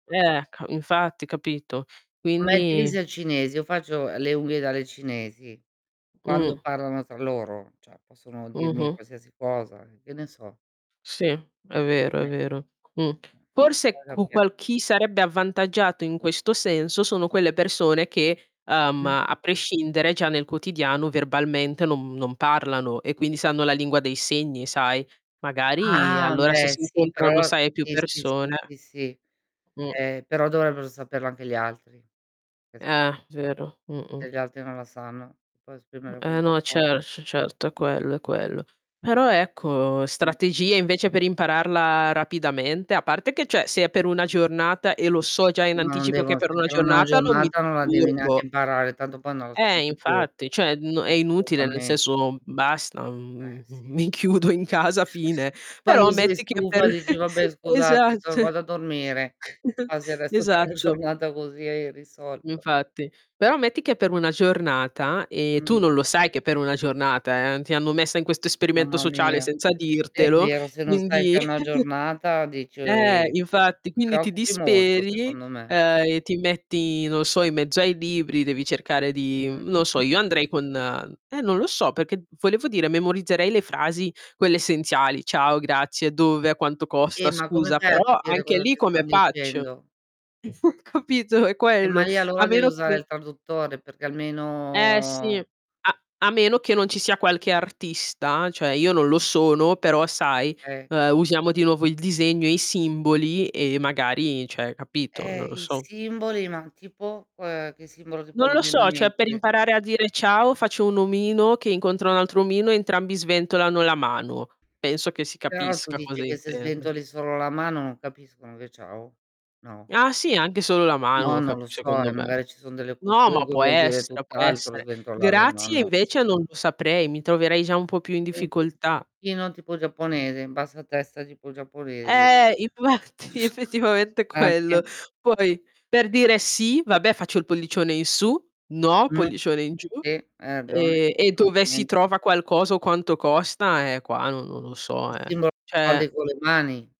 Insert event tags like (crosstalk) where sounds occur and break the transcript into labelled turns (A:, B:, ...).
A: Ecco. Infatti, capito.
B: (unintelligible)
A: Quindi
B: al cinese. Io faccio, uhm, le unghie dalle cinesi. Quando
A: Mh.
B: parlano tra loro, cioè possono dirmi
A: Mh-mh.
B: qualsiasi cosa, e che ne so.
A: Sì, è vero,
B: Come
A: è vero. Mh,
B: eh,
A: forse
B: va a
A: qu
B: capire.
A: qual chi sarebbe avvantaggiato, in questo senso, sono quelle persone che, uhm,
B: Mh.
A: a prescindere già nel quotidiano verbalmente non non parlano, e quindi sanno la lingua dei segni, sai. Magari,
B: Ah,
A: allora, se
B: beh,
A: si
B: sì,
A: incontrano,
B: però
A: sai, più
B: sì, sì, sì,
A: persone
B: sì, sì.
A: Mh.
B: Eh, però dovrebbero saperlo anche gli altri, che s
A: Eh, vero. Mh-mh.
B: E gli altri non la sanno, ti puoi
A: Mh,
B: esprimere come
A: eh, no.
B: vuoi.
A: Cer c certo, è quello, è quello. Però, ecco,
B: (unintelligible)
A: strategie, invece, per impararla rapidamente a parte che, cioè, se è per una giornata, e lo so già in
B: No, non
A: anticipo che
B: devon
A: per una
B: sentire una
A: giornata non mi
B: giornata, non la devi neanche
A: disturbo.
B: imparare, tanto poi non lo
A: Eh,
B: senti più.
A: infatti. Cioè, n è
B: Eh,
A: inutile nel
B: assolutamen
A: senso basta,
B: Eh,
A: mhmm,
B: sì.
A: mi chiudo in casa,
B: (chuckles)
A: fine. Però
B: Quando sei
A: metti che per
B: stufa dici:
A: (chuckles)
B: "Vabbè, scusate
A: esatt
B: so vado a dormire".
A: (chuckles)
B: Passi il resto della
A: esatto.
B: giornata così e hai risolto.
A: Infatti. Però metti che è per una giornata, e tu
B: Mh.
A: non lo sai che è per una giornata, eh. Ti hanno messa in questo esperimento
B: Mamma
A: sociale
B: mia.
A: senza
B: È
A: dirtelo,
B: vero, se non stai
A: quindi
B: (unintelligible)
A: (chuckles)
B: giornata
A: eh,
B: dici
A: infatti. Quindi ti
B: preoccupi molto,
A: disperi,
B: secondo me.
A: uhm, e ti metti, non so, in mezzo ai libri, devi cercare di mhmm, non so
B: Mh. (clears throat)
A: io andrei con eh, non lo so perché, volevo dire, memorizzerei le frasi quelle essenziali, "ciao", "grazie", "dove", "a quanto costa"
B: Eh ma come
A: "scusa",
B: fai a
A: però
B: capire
A: anche
B: cosa
A: lì
B: ti
A: come
B: stan
A: faccio?
B: dicendo?
A: (chuckles) Capito? È
B: Eh, ma
A: quello,
B: lì
A: a
B: allora deve
A: meno
B: usare
A: che
B: il traduttore, perché
A: Eh, sì.
B: almeno
A: A a meno che non ci sia qualche artista, cioè, io non lo sono, però, sai,
B: Eh, che
A: uhm, usiamo di nuovo il disegno, e i simboli, e magari cioè, capito? Non
B: Eh,
A: lo
B: i
A: so.
B: simboli, ma tipo, uhm, che simbolo ti
A: Non
B: può
A: lo
B: venire in
A: so, cioè, per
B: mente?
A: imparare a dire "ciao" faccio un omino che incontra un altro omino, e entrambi sventolano la mano. Penso che si
B: Però tu
A: capisca cosa
B: dici che se
A: intende.
B: sventoli solo la mano non capiscono che è "ciao"? No?
A: Ah, sì anche solo la mano
B: No, non
A: cap
B: lo so,
A: secondo
B: eh,
A: me.
B: magari ci son delle
A: No,
B: culture
A: ma
B: che
A: può
B: vuol dire
A: essere, può
B: tutt'altro
A: essere.
B: sventolar la
A: "Grazie"
B: mano.
A: invece non lo saprei, mi troverei già un po' più in
B: E in (unintelligible)
A: difficoltà.
B: sì, non tipo giapponese, in bassa testa, tipo giapponese.
A: Eh, infatti.
B: (chuckles)
A: Effettivamente è quello.
B: Anche.
A: Poi, per dire "sì", vabbè faccio il pollicione in su, "no"
B: Mh.
A: pollicione in giù.
B: Sì, hai ragione.
A: Ehm, e dove si
B: Assolutamente.
A: trova qualcosa, o quanto costa, eh, qua non non lo so,
B: Il
A: eh.
B: simbolo
A: Cioè
B: (unintelligible) con le mani.